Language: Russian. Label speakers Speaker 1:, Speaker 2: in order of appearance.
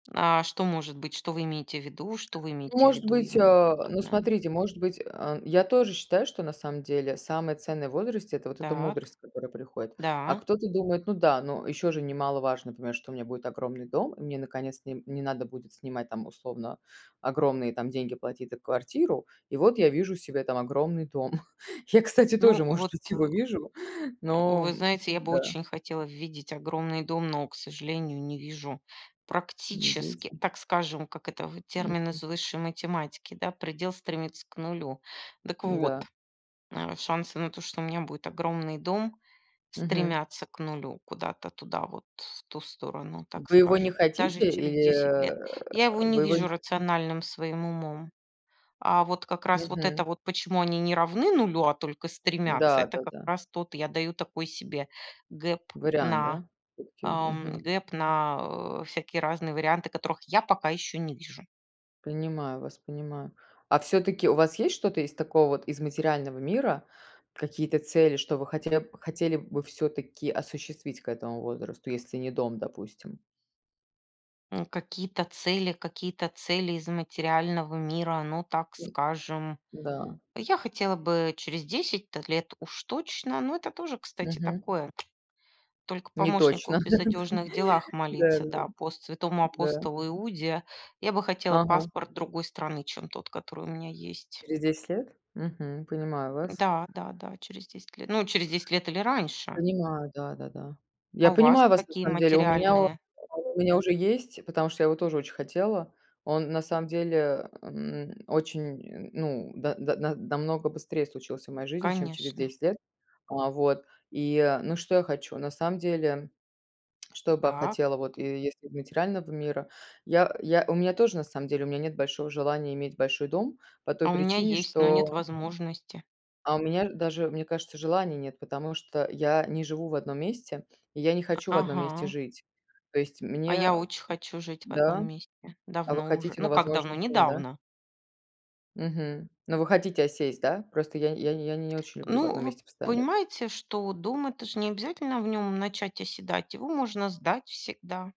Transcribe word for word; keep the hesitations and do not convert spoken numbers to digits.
Speaker 1: А что может быть? Что вы имеете в виду что вы имеете в
Speaker 2: Может
Speaker 1: виду
Speaker 2: быть,
Speaker 1: именно
Speaker 2: а, ну,
Speaker 1: конкретно?
Speaker 2: смотрите, может быть, а, я тоже считаю, что на самом деле самое ценное в возрасте- это вот эта
Speaker 1: Так.
Speaker 2: мудрость, которая приходит. А
Speaker 1: Да.
Speaker 2: кто-то думает: "Ну да, но еще же немаловажно понимать, что у меня будет огромный дом, и мне, наконец-то, не не надо будет снимать там, условно, огромные там деньги платить за квартиру. И вот я вижу себе там огромный дом". Я, кстати,
Speaker 1: Ну,
Speaker 2: тоже, может
Speaker 1: вот,
Speaker 2: быть,
Speaker 1: э,
Speaker 2: его вижу, но
Speaker 1: вы знаете, я бы
Speaker 2: м-да.
Speaker 1: очень хотела видеть огромный дом, но, к сожалению, не вижу
Speaker 2: Ну,
Speaker 1: практически,
Speaker 2: видите.
Speaker 1: так скажем, как это в термин
Speaker 2: Мгм.
Speaker 1: из высшей математики, да, предел стремится к нулю. Дак вот,
Speaker 2: М-да.
Speaker 1: а шансы на то, что у меня будет огромный дом,
Speaker 2: Мгм.
Speaker 1: стремятся к нулю куда-то туда, вот в ту сторону, так
Speaker 2: Вы его
Speaker 1: скажем,
Speaker 2: не
Speaker 1: даже
Speaker 2: хотите
Speaker 1: через
Speaker 2: или,
Speaker 1: десять лет.
Speaker 2: э,
Speaker 1: Я его не
Speaker 2: вы его
Speaker 1: вижу
Speaker 2: не хотите?
Speaker 1: рациональным своим умом. А вот как раз вот
Speaker 2: Мгм.
Speaker 1: это вот, почему они не равны нулю, а только стремятся, это
Speaker 2: Да-да
Speaker 1: как
Speaker 2: да.
Speaker 1: раз тот я даю такой себе гэп
Speaker 2: Вариант,
Speaker 1: на
Speaker 2: да? Окей.
Speaker 1: ам,
Speaker 2: Мгм.
Speaker 1: гэп на, а, всякие разные варианты, которых я пока ещё не вижу.
Speaker 2: Понимаю вас, понимаю. А всё-таки у вас есть что-то из такого вот из материального мира? Какие-то цели, что вы хотели бы хотели бы всё-таки осуществить к этому возрасту, если не дом, допустим?
Speaker 1: М, какие-то цели какие-то цели из материального мира, ну, так скажем.
Speaker 2: Да.
Speaker 1: Я хотела бы через десять-то лет уж точно, но это тоже, кстати,
Speaker 2: Мгм.
Speaker 1: такое. Только
Speaker 2: Не
Speaker 1: помощнику
Speaker 2: точно.
Speaker 1: в безодёжных делах молиться,
Speaker 2: Да-да-да.
Speaker 1: да, пост святому
Speaker 2: Да.
Speaker 1: апостолу Иуде. Я бы хотела
Speaker 2: Ага.
Speaker 1: паспорт другой страны, чем тот, который у меня есть.
Speaker 2: Через десять лет? Мгм. Понимаю вас.
Speaker 1: Да-да-да, через десять лет. Ну, через десять лет или раньше.
Speaker 2: Понимаю, да-да-да. Я
Speaker 1: А у вас
Speaker 2: понимаю вас на
Speaker 1: какие
Speaker 2: самом деле. У меня он
Speaker 1: материальные?
Speaker 2: у меня уже есть, потому что я его тоже очень хотела. Он, на самом деле, эм, очень, м ну да, да, на намного быстрее случился в моей жизни, чем через
Speaker 1: Конечно.
Speaker 2: десять лет. А вот. И, э Ну, что я хочу? На самом деле, что бы я
Speaker 1: Так.
Speaker 2: хотела вот, е если из материального мира? Я, э, я у меня тоже, на самом деле, у меня нет большого желания иметь большой дом по той
Speaker 1: А у меня
Speaker 2: причине,
Speaker 1: есть, но нет
Speaker 2: что
Speaker 1: возможности.
Speaker 2: А у меня, э, даже, мне кажется, желания нет, потому что я не живу в одном месте и я не хочу в одном месте
Speaker 1: Ага.
Speaker 2: жить. То есть
Speaker 1: А
Speaker 2: мне,
Speaker 1: я
Speaker 2: э
Speaker 1: очень хочу жить в одном
Speaker 2: Да?
Speaker 1: месте.
Speaker 2: А вы
Speaker 1: Давно уже.
Speaker 2: хотите,
Speaker 1: Ну,
Speaker 2: но
Speaker 1: как
Speaker 2: возможности
Speaker 1: давно,
Speaker 2: нет, да?
Speaker 1: недавно.
Speaker 2: Мгм. Ну, вы хотите осесть, да? Просто я не я не очень люблю в
Speaker 1: Ну,
Speaker 2: одном
Speaker 1: вы
Speaker 2: месте постоянно жить.
Speaker 1: понимаете, что дом- это же не обязательно в нём начать оседать, его можно сдать всегда.